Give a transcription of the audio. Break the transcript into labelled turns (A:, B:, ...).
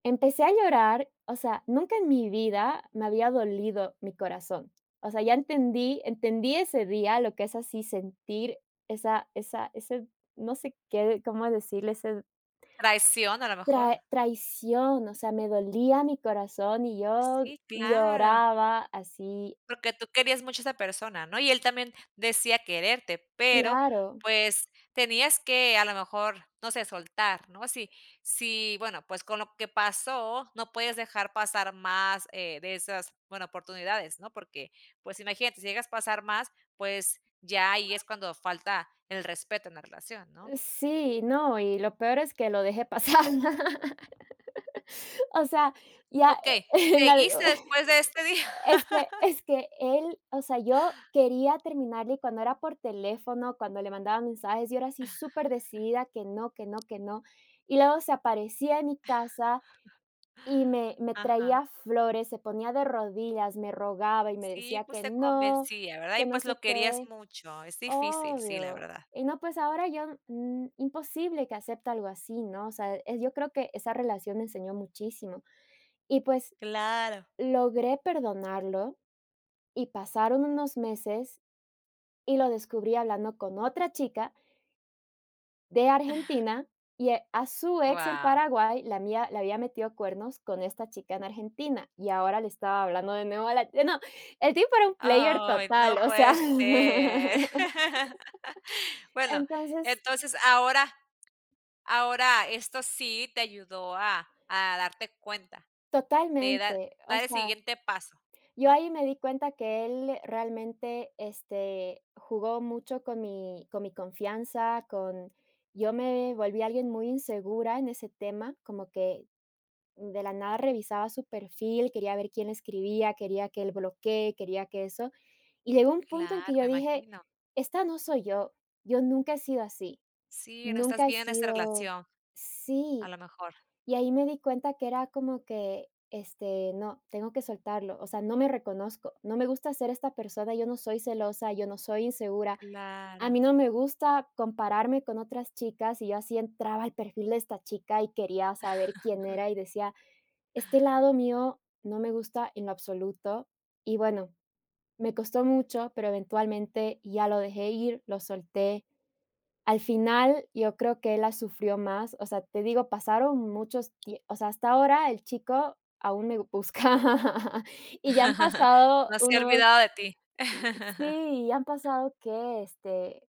A: Empecé a llorar, o sea, nunca en mi vida, me había dolido mi corazón, o sea, ya entendí entendí ese día lo que es así sentir esa esa ese, no sé qué, cómo decirle ese
B: Traición, a lo mejor.
A: trai traición, o sea, me dolía mi corazón y yo
B: Sí, claro.
A: lloraba así.
B: Porque tú querías mucho a esa persona, ¿no?, y él también decía quererte, pero,
A: Claro.
B: pues, tenías que, a lo mejor, no sé, soltar, ¿no?, si si bueno, pues, con lo que pasó, no puedes dejar pasar más, eh, de esas bueno, oportunidades, ¿no?, porque, pues, imagínate, si llegas a pasar más, pues, ya ahí es
A: [unintelligible]
B: cuando falta el respeto en la relación, ¿no?
A: Sí no, y lo peor es que lo dejé pasar, ¿no?, o sea, ya,
B: Okey,
A: en algo,
B: ¿seguiste después de este día?
A: es que es que, él o sea, yo quería terminarle cuando era por teléfono, cuando le mandaba mensajes, yo ahora sí, superdecidida que no, que no, que no, y luego se aparecía a mi casa, y me me
B: Ajá.
A: traía flores, se ponía de rodillas, me rogaba y me
B: Sí,
A: decía
B: pues,
A: que:
B: te
A: "No,
B: convencía, ¿verdad?, y
A: que no
B: pues, lo
A: sé
B: querías
A: qué",
B: mucho, es difícil, sí, la
A: obvio,
B: verdad.
A: y no, pues, ahora yo, n imposible que acepte algo así, ¿no?, o sea, yo creo que, esa relación enseñó muchísimo y, pues,
B: Claro.
A: logré perdonarlo, y pasaron unos meses, y lo descubrí hablando con otra chica de Argentina y a su ex en
B: Guau.
A: Paraguay, la había le había metido cuernos con esta chica en Argentina, y ahora le estaba hablando de nuevo a la no, el tipo era un player
B: Ay, no
A: total, o sea,
B: puede ser, bueno,
A: entonces
B: entonces ahora ahora esto sí te ayudó a a darte cuenta, te da
A: Totalmente, o
B: dar el
A: sea,
B: siguiente paso,
A: yo
B: ¿no?
A: ahí me di cuenta que él realmente, este, jugó mucho con mi con mi confianza, con yo me volví alguien muy insegura en ese tema, como que, de la nada revisaba su perfil, quería ver quién escribía, quería que él bloquee, quería que eso, y llegó un punto en que
B: Claro,
A: yo
B: me
A: dije:
B: imagino.
A: "Esta no soy yo, yo nunca he sido así,
B: Sí, no estás
A: nunca he
B: bien de esta
A: sido",
B: relación, a
A: sí,
B: lo mejor.
A: y ahí me di cuenta que era como que, este "No, tengo que soltarlo, o sea, no me reconozco, no me gusta ser esta persona, yo no soy celosa, yo no soy insegura, a mí
B: Claro.
A: no me gusta compararme con otras chicas", y yo así entraba al perfil de esta chica y quería saber quién era y decía: "Este lado mío, no me gusta en lo absoluto", y bueno, me costó mucho, pero eventualmente ya lo dejé ir, lo solté, al final, yo creo que él, la sufrió más, o sea, te digo, pasaron muchos tie o sea, hasta ahora el chico aún me busca, y ya han pasado
B: No se ha
A: unos
B: olvidado de ti.
A: Sí, ya han pasado que, este